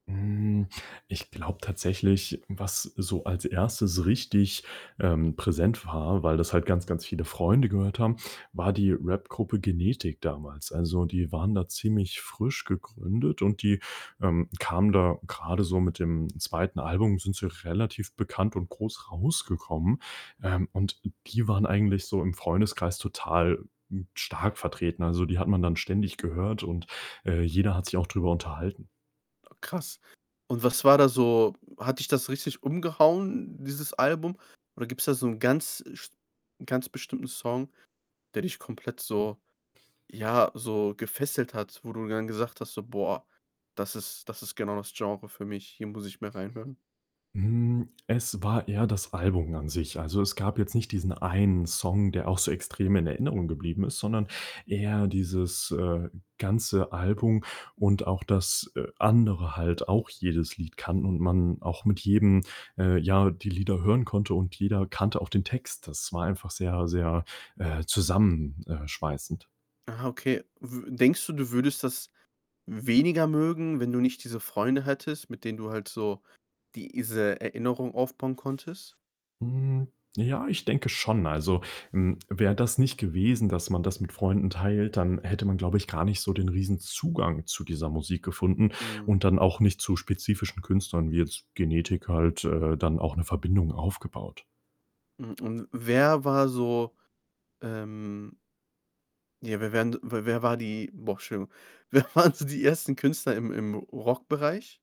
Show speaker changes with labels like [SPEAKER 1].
[SPEAKER 1] Hm, ich glaube tatsächlich, was so als 1. richtig, ähm, präsent war, weil das halt ganz, ganz viele Freunde gehört haben, war die Rap-Gruppe „Genetik“ damals. Also, die waren da ziemlich frisch gegründet und die, ähm, kamen da grade so mit dem 2. Album, sind sie relativ bekannt und groß rausgekommen. Ähm, und die waren eigentlich so im Freundeskreis total, hm, stark vertreten. Also, die hat man dann ständig gehört und, äh, jeder hat sich auch drüber unterhalten.
[SPEAKER 2] Krass. Und was war da so hat dich das richtig umgehauen, dieses Album? Oder gibt's da so 'n ganz, äh, Sp ganz bestimmten Song, der dich komplett so ja, so gefesselt hat, wo du dann gesagt hast, so: „Boah, das ist das ist genau das Genre für mich. Hier muss ich mehr reinhören.“
[SPEAKER 1] Hm, es war eher das Album an sich. Also, es gab jetzt nicht diesen einen Song, der auch so extrem in Erinnerung geblieben ist, sondern eher dieses, äh, ganze Album und auch, dass, äh, andere halt auch jedes Lied kannten und man auch mit jedem, äh, ja, die Lieder hören konnte und jeder kannte auch den Text. Das war einfach sehr, sehr, äh, zusammen, äh, schweißend.
[SPEAKER 2] Ah, okay. W denkst du, du würdest das weniger mögen, wenn du nicht diese Freunde hättest, mit denen du halt so diese Erinnerung aufbauen konntest?
[SPEAKER 1] Hm, ja, ich denke schon. Also, hm, wäre das nicht gewesen, dass man das mit Freunden teilt, dann hätte man, glaube ich, gar nicht so den riesen Zugang zu dieser Musik gefunden
[SPEAKER 2] Mhm.
[SPEAKER 1] und dann auch nicht zu spezifischen Künstlern wie jetzt „Genetik“ halt, äh, dann auch 'ne Verbindung aufgebaut.
[SPEAKER 2] Hm, und wer war so, ähm ja, wer wären d wer war die boah, Entschuldigung. Wer waren so die 1. Künstler im im Rockbereich?